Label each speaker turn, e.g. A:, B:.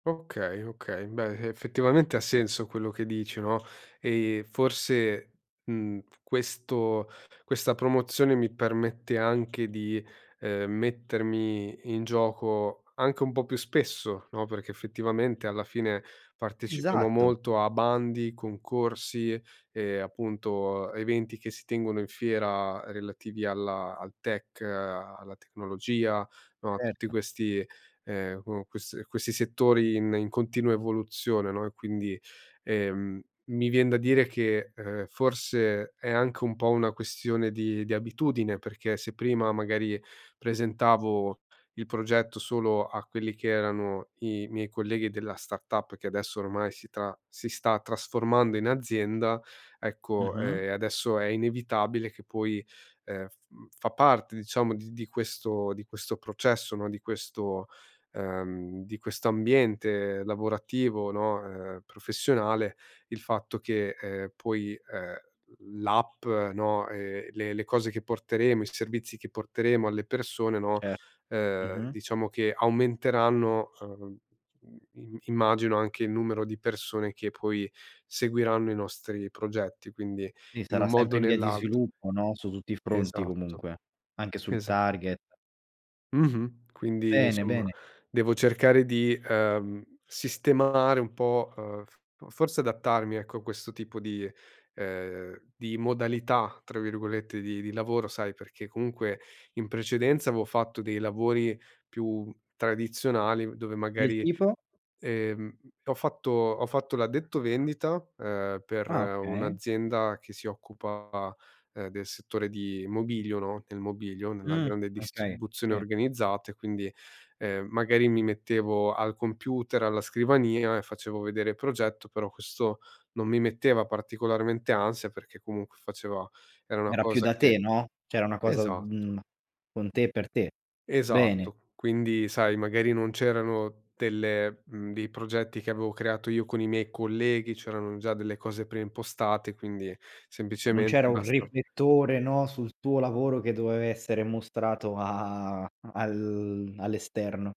A: Okay, okay, beh effettivamente ha senso quello che dici, no, ehm, forse, mhmm, questo questa promozione mi permette anche di, ehm, mettermi in gioco anche un po' più spesso, no, perché effettivamente alla fine partecipiamo
B: Esatto.
A: molto a bandi, concorsi e appunto eventi che si tengono in fiera relativi alla al tech, alla tecnologia, no, a tutti
B: Certo.
A: questi, ehm, q questi a questi settori in in continua evoluzione, no, e quindi, ehm, mi vien da dire che, ehm, forse è anche un po' una questione di di abitudine. Perché se prima magari presentavo il progetto solo a quelli che erano i miei colleghi della startup, che adesso ormai si tra si sta trasformando in azienda, ecco,
B: Mh-mh.
A: ehm, adesso è inevitabile che poi, ehm, f fa parte diciamo di di questo di questo processo, no, di questo, ehm, di questo ambiente lavorativo, no, ehm, professionale il fatto che, ehm, poi, ehm, l'app, no, ehm, le le cose che porteremo, i servizi che porteremo alle persone, no,
B: Ce
A: ehm,
B: mh-mh.
A: diciamo che aumenteranno, uhm, im immagino anche il numero di persone che poi seguiranno i nostri progetti, quindi
B: Sì
A: in
B: sarà
A: un modo
B: sempre
A: o
B: in via di
A: nell'altro.
B: sviluppo, no, su tutti i fronti
A: Esatto.
B: comunque, anche sul
A: Esa
B: target.
A: Mh-mh. Quindi
B: Bene,
A: insomma
B: bene.
A: devo cercare di, ehm, sistemare un po', uhm, f forse adattarmi ecco a questo tipo di ehm, di "modalità" tra virgolette di di lavoro sai perché comunque in precedenza avevo fatto dei lavori più tradizionali dove
B: Del
A: magari,
B: tipo?
A: ehm ho fatto ho fatto l'addetto vendita, ehm, per
B: Ah, okay.
A: un'azienda che si occupa del settore di mobilio, no, nel mobilio, nella
B: Mh.
A: grande
B: Okay.
A: distribuzione
B: Sì.
A: organizzata e quindi, ehm, magari mi mettevo al computer, alla scrivania e facevo vedere il progetto. Però questo non mi metteva particolarmente ansia perché comunque faceva era una
B: Era più
A: cosa
B: da
A: che
B: te, no, cioè era una cosa,
A: esatto.
B: mhmm, con te e per te. Bene.
A: Esatto. Quindi sai magari non c'erano delle mhmm, dei progetti che avevo creato io con i miei colleghi, c'erano già delle cose pre impostate, quindi
B: Non
A: semplicemente
B: c'era un
A: basta
B: riflettore, no, sul tuo lavoro che doveva essere mostrato a al all'esterno.